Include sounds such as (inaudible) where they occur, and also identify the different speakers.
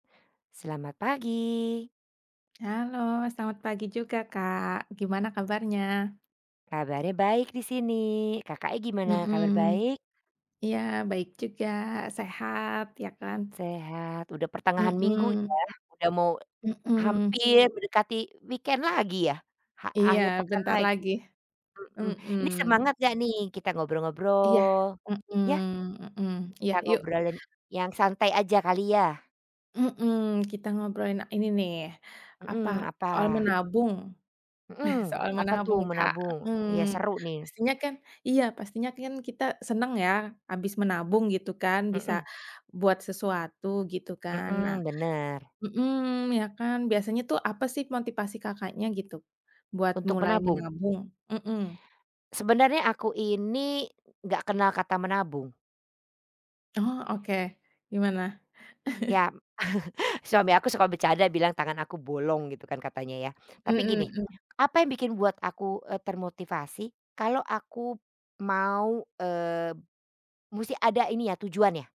Speaker 1: Selamat pagi.
Speaker 2: Halo, selamat pagi juga, Kak. Gimana kabarnya?
Speaker 1: Kabarnya baik di sini. Kakaknya gimana? Kabar
Speaker 2: Mhm.
Speaker 1: baik?
Speaker 2: Iya baik juga, sehat ya kan.
Speaker 1: Sehat. Udah pertengahan minggu ya,
Speaker 2: Mhm.
Speaker 1: udah mau
Speaker 2: Mhm.
Speaker 1: hampir mendekati weekend lagi yah? Ha
Speaker 2: Iya,
Speaker 1: akhir pekan
Speaker 2: bentar
Speaker 1: lagi.
Speaker 2: lagi.
Speaker 1: Mhm.
Speaker 2: Mhm.
Speaker 1: Ini semangat enggak nih? Kita
Speaker 2: Iya.
Speaker 1: ngobrol-ngobrol. Iya?
Speaker 2: Mhm Mhm. Iya,
Speaker 1: Kita
Speaker 2: yuk!
Speaker 1: ngobralin yang santai aja kali yah?
Speaker 2: Mhm, kita ngobrolin a ini nih,
Speaker 1: Mhm,
Speaker 2: apa, soal
Speaker 1: apa?
Speaker 2: menabung, (chuckles)
Speaker 1: Mhm,
Speaker 2: soal
Speaker 1: apa tuh?
Speaker 2: menabung, Kak,
Speaker 1: Menabung? Iya
Speaker 2: mhm.
Speaker 1: seru nih.
Speaker 2: Pastinya kan iya, pastinya kan kita senang ya habis menabung gitu kan, bisa
Speaker 1: Mhm.
Speaker 2: buat sesuatu gitu kan. Nah
Speaker 1: Mhm, benar.
Speaker 2: mhm iya kan. Biasanya tuh apa sih motivasi Kakaknya gitu buat
Speaker 1: Untuk
Speaker 2: mulai
Speaker 1: menabung?
Speaker 2: menabung? Hmm.
Speaker 1: Sebenarnya aku ini enggak kenal kata menabung.
Speaker 2: Oh, oke. Gimana? (chuckles)
Speaker 1: Iya m (chuckles) suami aku suka bercanda bilang, "Tangan aku bolong." Gitu kan katanya ya, tapi
Speaker 2: Hmm
Speaker 1: gini
Speaker 2: hmm.
Speaker 1: apa yang bikin buat aku, eee, termotivasi kalau aku mau, eee, musti ada ini ya, tujuannya.